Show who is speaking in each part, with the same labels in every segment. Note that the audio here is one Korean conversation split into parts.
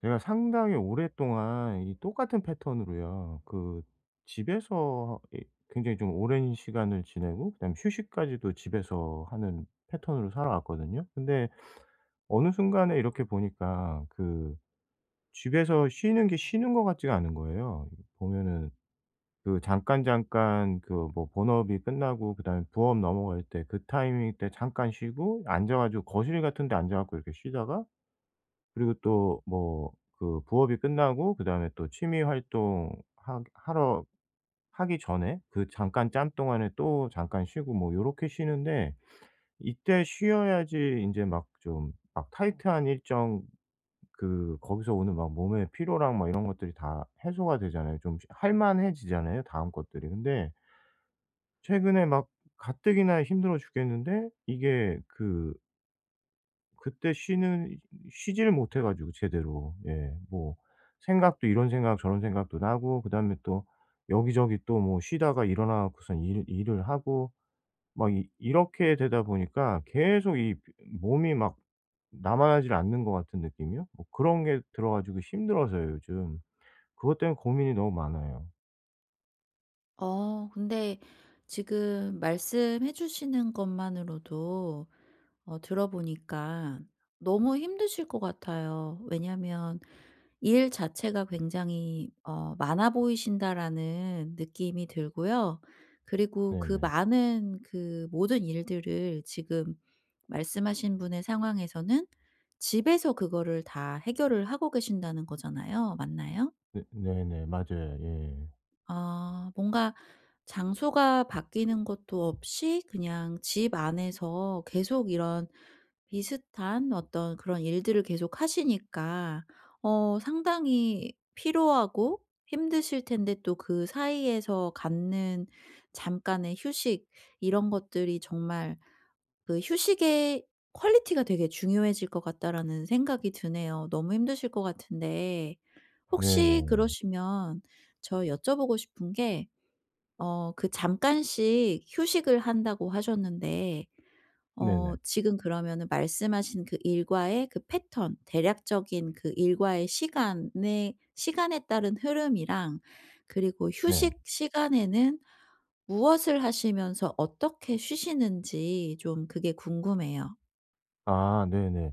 Speaker 1: 제가 상당히 오랫동안 이 똑같은 패턴으로요. 그 집에서 하 이 굉장히 좀 오랜 시간을 지내고 그다음에 휴식까지도 집에서 하는 패턴으로 살아왔거든요. 근데 어느 순간에 이렇게 보니까 그 집에서 쉬는 게 쉬는 것 같지가 않은 거예요. 보면은 그 잠깐잠깐 그 뭐 본업이 끝나고 그다음에 부업 넘어갈 때 그 타이밍 때 잠깐 쉬고 앉아 가지고 거실 같은 데 앉아 가지고 이렇게 쉬다가 그리고 또 뭐 그 부업이 끝나고 그다음에 또 취미 활동 하 하러 하기 전에 그 잠깐 짬 동안에 또 잠깐 쉬고 뭐 요렇게 쉬는데 이때 쉬어야지 인제 막 좀 막 타이트한 일정 그 거기서 오는 막 몸의 피로랑 막 이런 것들이 다 해소가 되잖아요. 좀 할 만해지잖아요 다음 것들이. 근데 최근에 막 가뜩이나 힘들어 죽겠는데 이게 그 그때 쉬는 쉬지를 못해 가지고 제대로. 예. 뭐 생각도 이런 생각 저런 생각도 나고 그다음에 또 여기저기 또 뭐 쉬다가 일어나 갖고서 일 일을 하고 막 이 이렇게 되다 보니까 계속 이 몸이 막 남아나질 않는 것 같은 느낌이요? 뭐 그런 게 들어 가지고 힘들어서요 요즘. 그것 때문에 고민이 너무 많아요.
Speaker 2: 어 근데 지금 말씀해 주시는 것만으로도 어 들어보니까 너무 힘드실 것 같아요. 왜냐하면 '일 자체가 굉장히 어 많아 보이신다.'라는 느낌이 들고요. 그리고 그
Speaker 1: 네네.
Speaker 2: 많은 그 모든 일들을 지금 말씀하신 분의 상황에서는 '집에서 그거를 다 해결을 하고 계신다.'는 거잖아요. 맞나요?
Speaker 1: 네 네네. 맞아요. 예.
Speaker 2: 아. 뭔가 장소가 바뀌는 것도 없이 그냥 집 안에서 계속 이런 비슷한 어떤 그런 일들을 계속하시니까 어 상당히 피로하고 힘드실 텐데 또 그 사이에서 갖는 잠깐의 휴식 이런 것들이 정말 그 '휴식의 퀄리티가 되게 중요해질 것 같다.' 라는 생각이 드네요. 너무 힘드실 것 같은데. 혹시
Speaker 1: 네네.
Speaker 2: 그러시면 저 여쭤보고 싶은 게 어 그 “잠깐씩 휴식을 한다.“고 하셨는데 어
Speaker 1: 네네.
Speaker 2: 지금 그러면은 말씀하신 그 일과의 그 패턴 대략적인 그 일과의 시간에 시간에 따른 흐름이랑 그리고
Speaker 1: 네.
Speaker 2: 휴식 시간에는 무엇을 하시면서 어떻게 쉬시는지 좀 그게 궁금해요.
Speaker 1: 아 네네.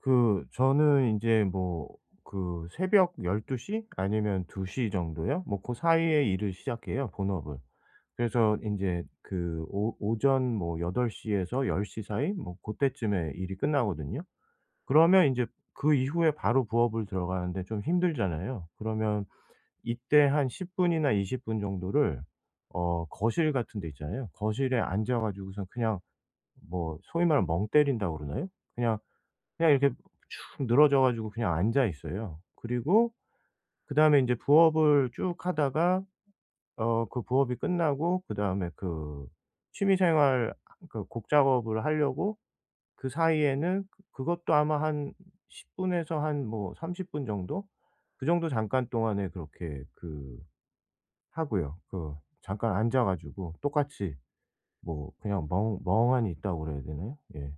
Speaker 1: 그 저는 인제 뭐 그 새벽 12 시? 아니면 2 시 정도요? 뭐 고 사이에 일을 시작해요 본업을. 그래서 인제 그 오 오전 뭐 8 시에서 10 시 사이? 뭐 고때쯤에 일이 끝나거든요. 그러면 인제 그 이후에 바로 부업을 들어가는데 좀 힘들잖아요. 그러면 이때 한 10 분이나 20 분 정도를 어 거실 같은 데 있잖아요. 거실에 앉아 가지고서는 그냥 뭐 소위 말하면 '멍 때린다.'고 그러나요? 그냥, 그냥 이렇게 축 늘어져 가지고 그냥 앉아 있어요. 그리고 그다음에 인제 부업을 쭉 하다가 어 그 부업이 끝나고 그다음에 그 취미 생활 하 그 곡 작업을 하려고 그 사이에는 그 그것도 아마 한 10 분에서 한 뭐 30 분 정도? 그 정도 잠깐 동안에 그렇게 그 하고요. 그 잠깐 앉아 가지고 똑같이 뭐 그냥 '멍 멍하니 있다.'고 그래야 되나요? 예.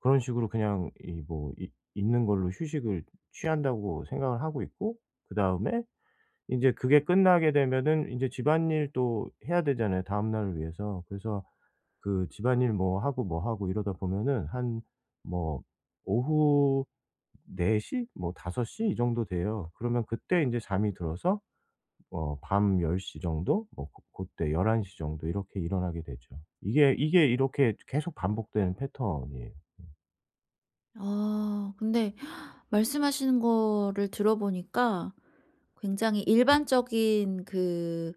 Speaker 1: 그런 식으로 그냥 이 뭐 '있 있는 걸로 휴식을 취한다.'고 생각을 하고 있고 그다음에 인제 그게 끝나게 되면은 인제 집안일도 해야 되잖아요 다음 날을 위해서. 그래서 그 집안일 뭐 하고, 뭐 하고 이러다 보면은 한 뭐 오후 4 시? 뭐 5 시 이 정도 돼요. 그러면 그때 인제 잠이 들어서 뭐 밤 10 시 정도 뭐 고 고때 11 시 정도 이렇게 일어나게 되죠. 이게, 이게 이렇게 이제 계속 반복되는 패턴이에요. 음.
Speaker 2: 아. 근데 말씀하시는 거를 들어보니까 굉장히 일반적인 그,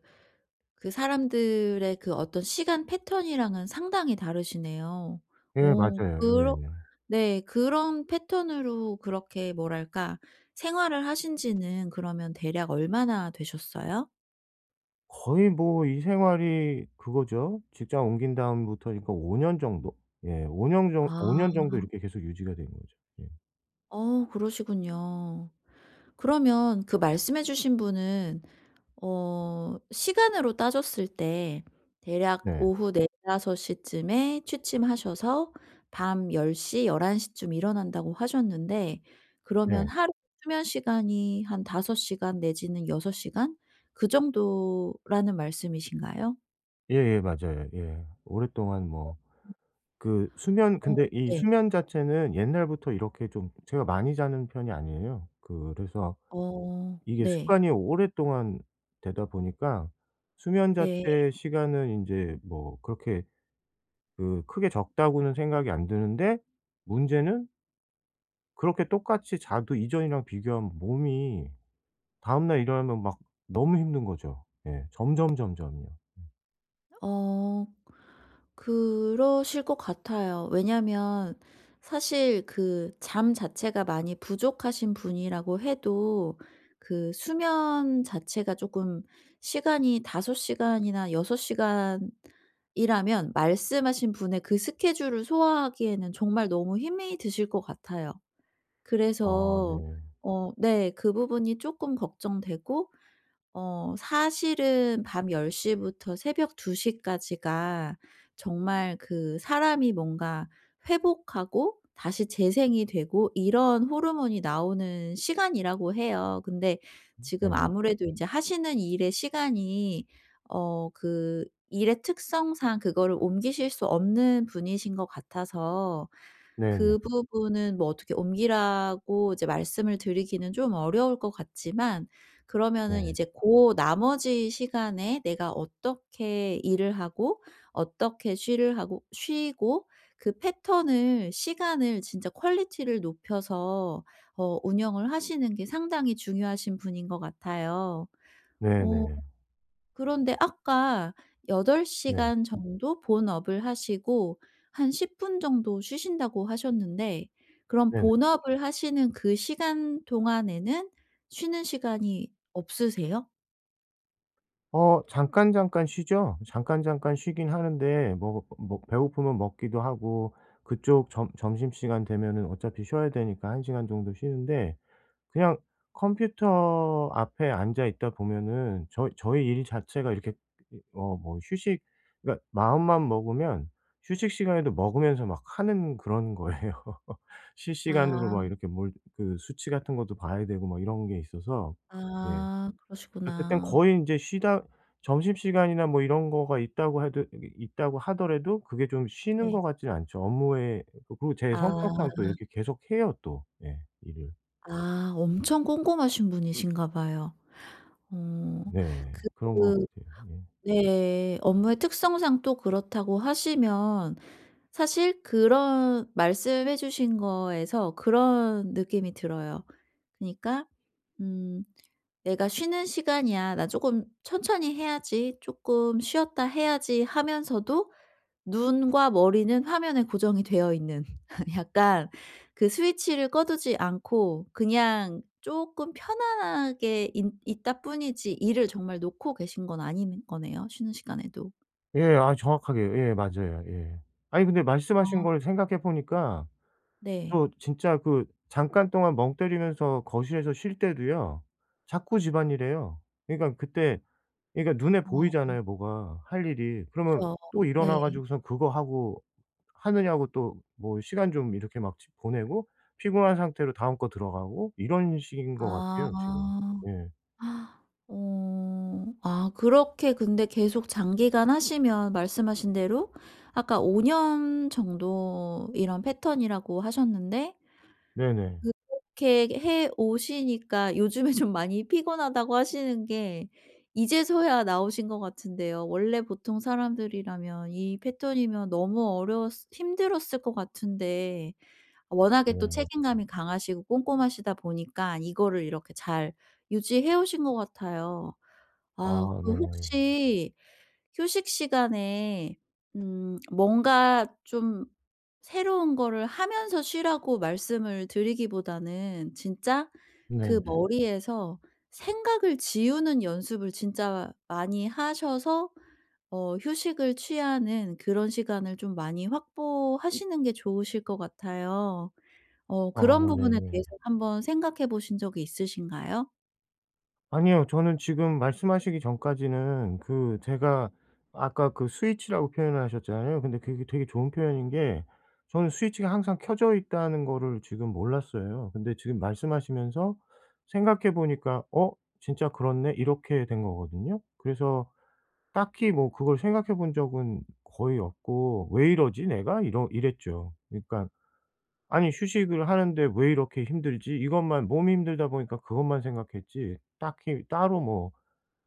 Speaker 2: 그 사람들의 그 어떤 시간 패턴이랑은 상당히 다르시네요.
Speaker 1: 예
Speaker 2: 어
Speaker 1: 맞아요.
Speaker 2: 그러
Speaker 1: 예예.
Speaker 2: 네. 그런 패턴으로 그렇게 뭐랄까 생활을 하신 지는 그러면 대략 얼마나 되셨어요?
Speaker 1: 거의 뭐 이 생활이 그거죠. 직장 옮긴 다음부터니까 5 년 정도. 예. 5 년 정 5
Speaker 2: 아.
Speaker 1: 년 정도 이렇게 계속 유지가 된 거죠. 예.
Speaker 2: 어 그러시군요. 그러면 그 말씀해 주신 분은 어 시간으로 따졌을 때 대략
Speaker 1: 네.
Speaker 2: "오후 4-5 시쯤에 취침하셔서 밤 10 시, 11 시쯤 일어난다."고 하셨는데 그러면
Speaker 1: 예.
Speaker 2: 하루 수면 시간이 한 5 시간 내지는 6 시간 그 정도라는 말씀이신가요?
Speaker 1: 예예 맞아요 예. 오랫동안 뭐 그 수면
Speaker 2: 어
Speaker 1: 근데 이
Speaker 2: 네.
Speaker 1: 수면 자체는 옛날부터 이렇게 좀 제가 많이 자는 편이 아니에요. 그래서
Speaker 2: 어
Speaker 1: 이게
Speaker 2: 네.
Speaker 1: 습관이 오랫동안 되다 보니까 수면
Speaker 2: 네.
Speaker 1: 자체의 시간은 인제 뭐 그렇게 그 크게 적다고는 생각이 안 드는데 문제는 그렇게 똑같이 자도 이전이랑 비교하면 몸이 다음 날 일어나면 막 너무 힘든 거죠. 예. 점점, 점점이요. 예.
Speaker 2: 어. 그러실 것 같아요. 왜냐하면 사실 그 잠 자체가 많이 부족하신 분이라고 해도 그 수면 자체가 쪼끔 시간이 5 시간이나 6 시간이라면 말씀하신 분의 그 스케줄을 소화하기에는 정말 너무 힘이 드실 것 같아요.
Speaker 1: 아
Speaker 2: 그래서
Speaker 1: 네.
Speaker 2: 어 네. 그 부분이 쪼끔 걱정되고 어 사실은 밤 10 시부터 새벽 2 시까지가 정말 그 사람이 뭔가 회복하고 다시 재생이 되고 이런 호르몬이 나오는 시간이라고 해요. 근데
Speaker 1: 음
Speaker 2: 지금
Speaker 1: 네.
Speaker 2: 아무래도 인제 하시는 일의 시간이 어 그 일의 특성상 그거를 옮기실 수 없는 분이신 것 같아서
Speaker 1: 네네.
Speaker 2: 그 부분은 뭐 어떻게 옮기라고 이제 말씀을 드리기는 좀 어려울 것 같지만 그러면은
Speaker 1: 네.
Speaker 2: 이제 고 나머지 시간에 내가 어떻게 일을 하고 어떻게 쉬를 하고 쉬고 그 패턴을 시간을 진짜 퀄리티를 높여서 어 운영을 하시는 게 상당히 중요하신 분인 것 같아요. 어
Speaker 1: 네네.
Speaker 2: 그런데 아까 8
Speaker 1: 네.
Speaker 2: 시간 정도 본업을 하시고 한 10 분 정도 쉬신다고 하셨는데 그럼
Speaker 1: 네네.
Speaker 2: 본업을 하시는 그 시간 동안에는 쉬는 시간이 없으세요?
Speaker 1: 어 잠깐잠깐 쉬죠. 잠깐잠깐 쉬긴 하는데 뭐 뭐 뭐 배고프면 먹기도 하고 그쪽 점 점심시간 되면은 어차피 쉬어야 되니까 1 시간 정도 쉬는데 그냥 컴퓨터 앞에 앉아 있다 보면은 저 저희 일 자체가 이렇게 어 뭐 휴식 그러니까 마음만 먹으면 휴식 시간에도 먹으면서 막 하는 그런 거예요. 실시간으로
Speaker 2: 아.
Speaker 1: 막 이렇게 뭘 그 수치 같은 것도 봐야 되고 막 이런 게 있어서. 예.
Speaker 2: 아.
Speaker 1: 아 그땐
Speaker 2: 그러시구나.
Speaker 1: 거의 인제 쉬다 점심시간이나 뭐 이런 거가 있다고 해도 이 있다고 하더라도 그게 좀 쉬는
Speaker 2: 네.
Speaker 1: 것 같진 않죠. 업무에 그리고 제
Speaker 2: 아.
Speaker 1: 성격상 또 이렇게 계속해요 또 예 일을.
Speaker 2: 아. 엄청 꼼꼼하신 분이신가 봐요. 어
Speaker 1: 네. 그런 것
Speaker 2: 그
Speaker 1: 같아요. 예.
Speaker 2: 네. 업무의 특성상 또 그렇다고 하시면 사실 그런 말씀해 주신 거에서 그런 느낌이 들어요. 그니까 음 '내가 쉬는 시간이야. 나 쪼금 천천히 해야지. 쪼끔 쉬었다 해야지.' 하면서도 눈과 머리는 화면에 고정이 되어 있는 약간 그 스위치를 꺼두지 않고 그냥 쪼끔 편안하게 인 있다 뿐이지 일을 정말 놓고 계신 건 아닌 거네요 쉬는 시간에도.
Speaker 1: 예. 아 정확하게 예 맞아요 예. 아니 근데 말씀하신
Speaker 2: 아.
Speaker 1: 거를 생각해 보니까
Speaker 2: 네.
Speaker 1: 또 진짜 그 잠깐 동안 멍 때리면서 거실에서 쉴 때도요. 자꾸 집안일 해요. 그러니까 그때 그러니까 눈에
Speaker 2: 어. 어.
Speaker 1: 보이잖아요 뭐가 할 일이. 그러면
Speaker 2: 그쵸.
Speaker 1: 또 일어나
Speaker 2: 네.
Speaker 1: 가지고선 그거 하고 하느냐고 또 뭐 시간 좀 이렇게 막 집 보내고 피곤한 상태로 다음 거 들어가고 이런 식인 것
Speaker 2: 아.
Speaker 1: 같아요 지금. 예.
Speaker 2: 어. 아 그렇게 근데 계속 장기간 하시면 말씀하신 대로 아까 5 년 정도 이런 패턴이라고 하셨는데
Speaker 1: 네네.
Speaker 2: 그렇게 해 오시니까 "요즘에 좀 많이 피곤하다."고 하시는 게 이제서야 나오신 것 같은데요. 원래 보통 사람들이라면 이 패턴이면 너무 어려웠을 힘들었을 것 같은데 워낙에 또
Speaker 1: 네.
Speaker 2: 책임감이 강하시고 꼼꼼하시다 보니까 이거를 이렇게 잘 유지해 오신 것 같아요. 아
Speaker 1: 아
Speaker 2: 그
Speaker 1: 네.
Speaker 2: 혹시 휴식 시간에 음 뭔가 좀 새로운 거를 하면서 쉬라고 말씀을 드리기보다는 진짜 그
Speaker 1: 네네.
Speaker 2: 머리에서 생각을 지우는 연습을 진짜 많이 하셔서 어 휴식을 취하는 그런 시간을 좀 많이 확보하시는 게 좋으실 것 같아요. 어
Speaker 1: 아
Speaker 2: 그런 부분에
Speaker 1: 네네.
Speaker 2: 대해서 한번 생각해 보신 적이 있으신가요?
Speaker 1: 아니요. 저는 지금 말씀하시기 전까지는 그 제가 아까 그 스위치라고 표현을 하셨잖아요. 근데 그게 되게 좋은 표현인 게 저는 스위치가 항상 켜져 있다는 거를 지금 몰랐어요. 근데 지금 말씀하시면서 생각해 보니까 '어? 진짜 그렇네?' 이렇게 된 거거든요. 그래서 딱히 뭐 그걸 생각해 본 적은 거의 없고 '왜 이러지 내가?' 이러 이랬죠. 그러니까 '아니 휴식을 하는데 왜 이렇게 힘들지?' 이것만, 몸이 힘들다 보니까 그것만 생각했지 딱히 따로 뭐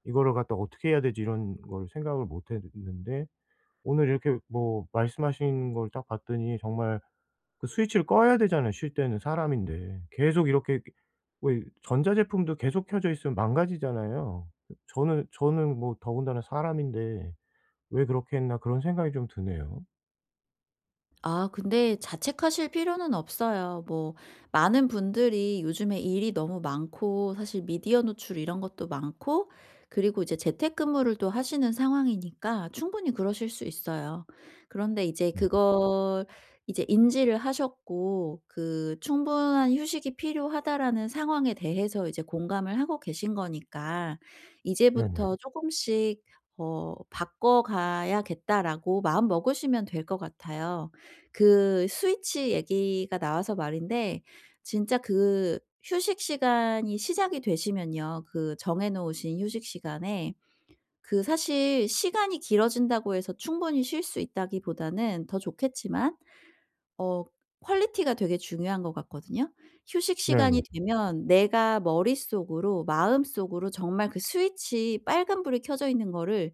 Speaker 1: '이거를 갖다가 어떻게 해야 되지?' 이런 걸 생각을 못 했는데 오늘 이렇게 뭐 말씀하신 걸 딱 봤더니 정말 그 스위치를 꺼야 되잖아요 쉴 때는 사람인데. 계속 이렇게 왜 전자 제품도 계속 켜져 있으면 망가지잖아요. 저는 저는 뭐 더군다나 사람인데 '왜 그렇게 했나.' 그런 생각이 좀 드네요.
Speaker 2: 아. 근데 자책하실 필요는 없어요. 뭐 많은 분들이 요즘에 일이 너무 많고 사실 미디어 노출 이런 것도 많고 그리고 이제 재택근무를 또 하시는 상황이니까 충분히 그러실 수 있어요. 그런데 이제
Speaker 1: 네.
Speaker 2: 그걸 이제 인지를 하셨고 그 "충분한 휴식이 필요하다."라는 상황에 대해서 이제 공감을 하고 계신 거니까
Speaker 1: 네네.
Speaker 2: 이제부터 조금씩 어 '바꿔가야겠다.'라고 마음먹으시면 될 것 같아요. 그 스위치 얘기가 나와서 말인데 진짜 그 휴식시간이 시작이 되시면요. 그 정해 놓으신 휴식시간에 그 사실 시간이 길어진다고 해서 충분히 쉴 수 있다기보다는 더 좋겠지만 어 quality가 되게 중요한 것 같거든요. 휴식 시간이
Speaker 1: 네네.
Speaker 2: 되면 내가 머릿속으로 마음속으로 정말 "그 스위치 빨간 불이 켜져 있는 거를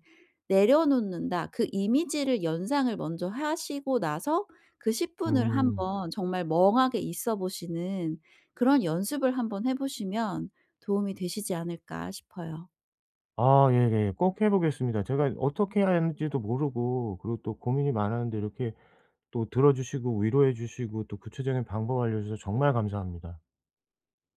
Speaker 2: 내려놓는다." 그 이미지를 연상을 먼저 하시고 나서 그 10 분을
Speaker 1: 음.
Speaker 2: 한번 정말 멍하게 있어보시는 그런 연습을 한번 해 보시면 '도움이 되시지 않을까?' 싶어요.
Speaker 1: 아 예예. 꼭 해 보겠습니다. 제가 어떻게 해야 하는지도 모르고 그리고 또 고민이 많았는데 이렇게 또 들어주시고 위로해 주시고 또 구체적인 방법을 알려주셔서 정말 감사합니다.